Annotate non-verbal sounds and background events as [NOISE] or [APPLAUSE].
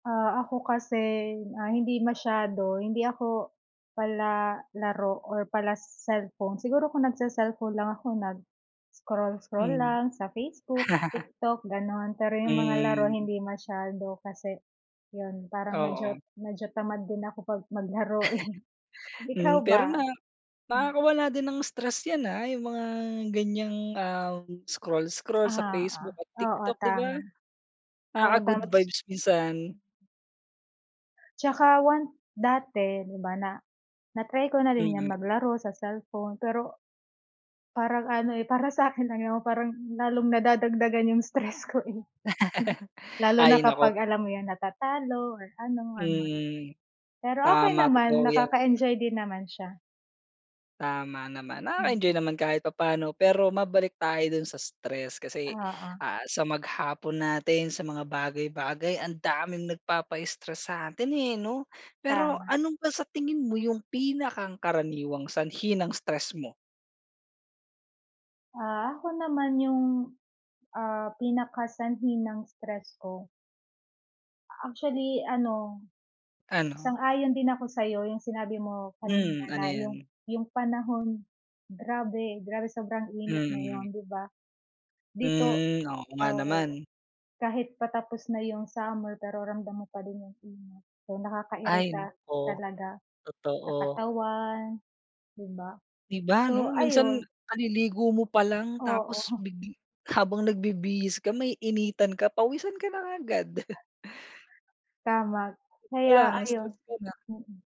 Ah, ako kasi, ah, hindi masyado, hindi ako palalaro or pala-cellphone. Siguro kung nagce-cellphone lang ako, nag-scroll-scroll Hmm. lang sa Facebook, [LAUGHS] TikTok, gano'n. Pero yung mga laro, Hmm. hindi masyado kasi yun, parang medyo Oo. medyo tamad din ako, 'pag maglaro eh. [LAUGHS] Ikaw Hmm. Pero ba? na Hmm. nakakawala din ng stress yan, ah, yung mga ganiyang, ah, scroll-scroll sa Oo, Facebook at oo, TikTok, di ba? tama. Oo, tama. Nakaka-good Tapos vibes minsan. Tsaka once dati, di ba, na na-try ko na rin yang Mhm. maglaro sa cellphone. Pero parang ano eh, para sa'kin lang yun, parang lalong nadadagdagan yung stress ko eh. [LAUGHS] Lalo na Ay, naku. kapag, alam mo yun, natatalo or ano, or what. Mm, Pero okey tama. naman, Totoo yan. nakaka-enjoy din naman siya. Tama naman, nakaka-enjoy Mhm. naman kahit papaano. Pero mabalik tayo dun sa stress, kasi, Oo. ah, sa maghapon natin, sa mga bagay-bagay, ang daming nagpapa-stress sa'tin eh, 'no? Pero Tama. ano ba sa tingin mo yung pinakang karaniwang sanhi ng stress mo? Ah, ako naman yung, ah, pinakasanhi ng stress ko actually ano, Ano? sang-ayon din ako sa'yo. Yung sinabi mo kanina Mm, na ano yung yan? yung panahon, grabe grabe sobrang init Mm. ngayon, di ba? Dito, Hmm, oo nga oo, naman. kahit patapos na yung summer pero ramdam mo pa din yung init. So, Ay, nakakairita oh, talaga sa totoo. katawan, di ba? Di ba ano, So, minsan ayun. kaliligo mo palang tapos Oo. big habang nagbibihis ka, maiinitan ka, pawisan ka na agad. [LAUGHS] Tama. Dun Kaya palang ayun, stress ka na. mm.